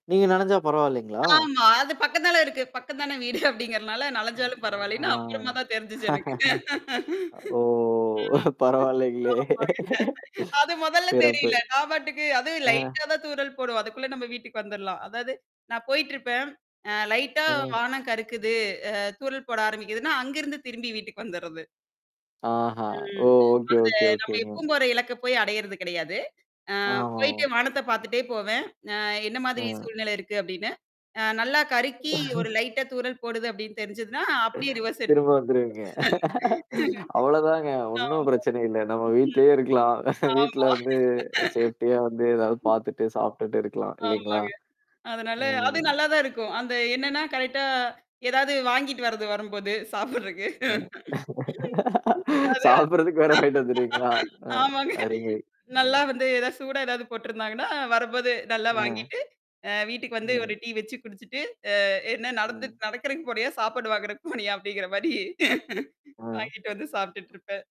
நீங்க நனஞ்சா பரவால்லைங்களா? ஆமா, அது பக்கத்தால இருக்கு. பக்கந்தானே வீடு அப்படிங்கறதுனால, ஆ, நனஞ்சாலும் பரவாயில்லைன்னு. அப்புறமா தான் தெரிஞ்சுச்சு எனக்கு. அ ஓ, பரவால்லைங்களே. ஆமாங்க. அது மொதல்ல சிறப்பு! தெரியல. நான் பாட்டுக்கு அதும் அ. லைட்டா தான் தூறல் போடும். அதுக்குள்ள நம்ம வீட்டுக்கு வந்துரலாம். அதாவது நான் போயிட்டுருப்பேன். அ லைட்டா ஆ. வானம் கருக்குது, அ தூறல் போட ஆரம்பிக்குதுன்னா, அங்கிருந்து திரும்பி வீட்டுக்கு வந்துர்றது. ஆஹா, ஓ, ம், ஓகே, அத ஓகே, நம்ப ஓகேங்க. எப்பவும் போற இலக்க போயி அடையறது கிடையாது. அ போயிட்டு ஆமாமா. வானத்தப் பாத்துட்டே போவேன். நா "என்னா மாதிரி ம். சூழ்நிலை இருக்கு?" அப்படின்னு. அ நல்லா கருக்கி ஒரு லைட்டா தூறல் போடுது அப்படின்னு தெரிஞ்சுதுன்னா, அப்படியே ரிவர்ஸ் எடுத்து திரும்ப வந்துருவீங்க. அவ்வளதாங்க, [unintelligible] ஆமா. ம், ஒண்ணும் பிரச்சனை இல்லை! நம்ம வீட்லயே இருக்கலாம். ஆமா, வீட்ல வந்து சேஃப்ட்டியா வந்து, ஏதாவது ம். பாத்துட்டு, சாப்பிட்டுட்டு இருக்கலாம். இல்லீங்களா? ஆமாங்க. அதனால அது ம். நல்லாதான் இருக்கும். அந்த என்னான்னா, கரெக்ட்டா எதாவது வாங்கிட்டு வர்றது, வரம்போது, சாப்பிடுறதுக்கு. ம், அது சாப்பிடுறதுக்கு வேற வாங்கிட்டு வந்துருவீங்களா? அ, ஆமாங்க. அருமை. நல்லா ம். வந்து சூடா ஏதாவது போட்டுருந்தாங்கன்னா, வரும்போது நல்லா அ. வாங்கிட்டு, அ வீட்டுக்கு வந்து ம். ஒரு டீ வச்சு குடிச்சுட்டு அ "என்னா ம். நடத்துக் நடக்குறதுக்கு போனியா? சாப்பாடு வாங்கறக்கு போனியா?" அப்படிங்கிற மாரி அ. வாங்கிட்டு வந்து சாப்ட்டுட்ருப்பேன்.